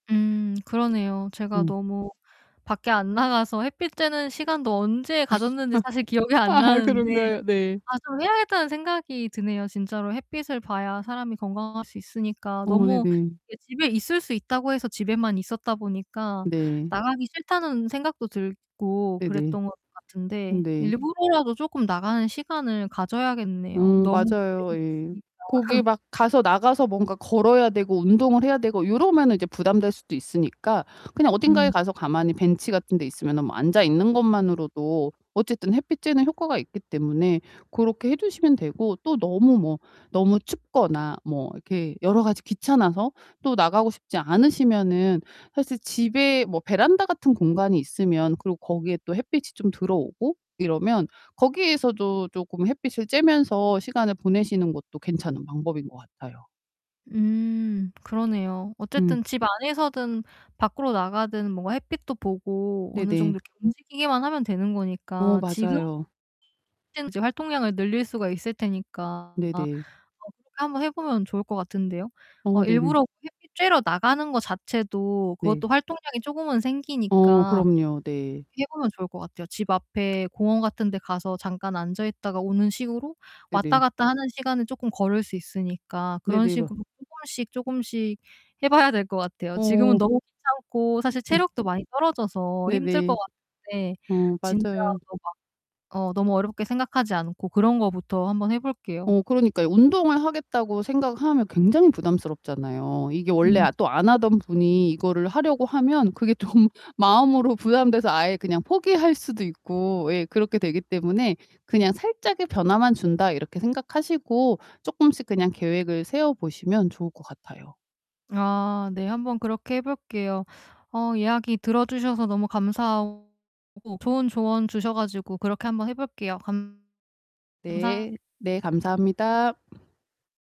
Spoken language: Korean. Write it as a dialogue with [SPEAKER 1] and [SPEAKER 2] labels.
[SPEAKER 1] 음 그러네요. 제가
[SPEAKER 2] 음.
[SPEAKER 1] 너무 밖에 안 나가서 햇빛 쬐는 시간도 언제 가졌는지 사실 기억이 안
[SPEAKER 2] 아
[SPEAKER 1] 나는데
[SPEAKER 2] 그런가요? 네.
[SPEAKER 1] 아 좀 해야겠다는 생각이 드네요. 진짜로 햇빛을 봐야 사람이 건강할 수 있으니까
[SPEAKER 2] 어 네.
[SPEAKER 1] 너무 이렇게 집에 있을 수 있다고 해서 집에만 있었다 보니까
[SPEAKER 2] 네.
[SPEAKER 1] 나가기 싫다는 생각도 들고
[SPEAKER 2] 네네.
[SPEAKER 1] 그랬던 것 같은데
[SPEAKER 2] 네.
[SPEAKER 1] 일부러라도 쪼끔 나가는 시간을 가져야겠네요
[SPEAKER 2] 음
[SPEAKER 1] 너무
[SPEAKER 2] 맞아요
[SPEAKER 1] 집에만
[SPEAKER 2] 예.
[SPEAKER 1] 있으니까.
[SPEAKER 2] 거기 막 가서 나가서 뭔가 걸어야 되고 운동을 해야 되고 요러면은 이제 부담될 수도 있으니까 그냥 어딘가에
[SPEAKER 1] 음.
[SPEAKER 2] 가서 가만히 벤치 같은데 있으면은 뭐 앉아 있는 것만으로도 어쨌든 햇빛 쬐는 효과가 있기 때문에 고렇게 해 주시면 되고 또 너무 뭐 너무 춥거나 뭐 이렇게 여러 가지 귀찮아서 또 나가고 싶지 않으시면은 사실 집에 뭐 베란다 같은 공간이 있으면 그리고 거기에 또 햇빛이 좀 들어오고 이러면 거기에서도 쪼금 햇빛을 쬐면서 시간을 보내시는 것도 괜찮은 방법인 것 같아요.
[SPEAKER 1] 음 그러네요.
[SPEAKER 2] 음.
[SPEAKER 1] 어쨌든 집 안에서든 밖으로 나가든 뭔가 햇빛도 보고
[SPEAKER 2] 네네.
[SPEAKER 1] 어느정도 이렇게 움직이기만 하면 되는
[SPEAKER 2] 어,
[SPEAKER 1] 거니까 지금
[SPEAKER 2] 맞아요.
[SPEAKER 1] [unintelligible] 활동량을 늘릴 수가 있을 테니까 아
[SPEAKER 2] 네네.
[SPEAKER 1] 그렇게 한번 해 보면 좋을 것 같은데요.
[SPEAKER 2] 어
[SPEAKER 1] 어
[SPEAKER 2] 네네.
[SPEAKER 1] 일부러 햇빛 쬐러 나가는 거 자체도
[SPEAKER 2] 네.
[SPEAKER 1] 그것도 활동량이 쪼금은
[SPEAKER 2] 어
[SPEAKER 1] 생기니까
[SPEAKER 2] 그럼요. 네.
[SPEAKER 1] 그렇게 해 보면 좋을 것 같아요. 집 앞에 공원 같은 데 가서 잠깐 앉아 있다가 오는 식으로 왔다
[SPEAKER 2] 네네.
[SPEAKER 1] 갔다 하는 시간은 쪼끔 걸을 수 있으니까
[SPEAKER 2] 네
[SPEAKER 1] 그런
[SPEAKER 2] 네이버
[SPEAKER 1] 식으로 쪼금씩 쪼금씩 해 봐야 될 것 같아요. 지금은
[SPEAKER 2] 어.
[SPEAKER 1] 너무 귀찮고
[SPEAKER 2] 어
[SPEAKER 1] 사실
[SPEAKER 2] 네.
[SPEAKER 1] 체력도 많이 떨어져서
[SPEAKER 2] 네
[SPEAKER 1] 힘들 것
[SPEAKER 2] 네.
[SPEAKER 1] 같은데
[SPEAKER 2] 어,
[SPEAKER 1] 진짜
[SPEAKER 2] 맞아요.
[SPEAKER 1] 뭐 막 어 너무 어렵게 생각하지 않고 그런 것부터 한 번 해 볼게요.
[SPEAKER 2] 어 그러니까요. 운동을 하겠다고 생각하면 굉장히 부담스럽잖아요. 이게 원래
[SPEAKER 1] 음.
[SPEAKER 2] 아 또 안 하던 분이 이거를 하려고 하면 그게 좀 마음으로 부담돼서 아예 그냥 포기할 수도 있고 예 그렇게 되기 때문에 그냥 '살짝의 변화만 준다.' 이렇게 생각하시고 쪼끔씩 그냥 계획을 세워 보시면 좋을 것 같아요.
[SPEAKER 1] 아. 네 한번 그렇게 해 볼게요. 어 이야기 들어 주셔서 너무 감사하고 좋은 조언 주셔가지고 그렇게 한번 해 볼게요. 감 감사
[SPEAKER 2] 네. 네 감사합니다.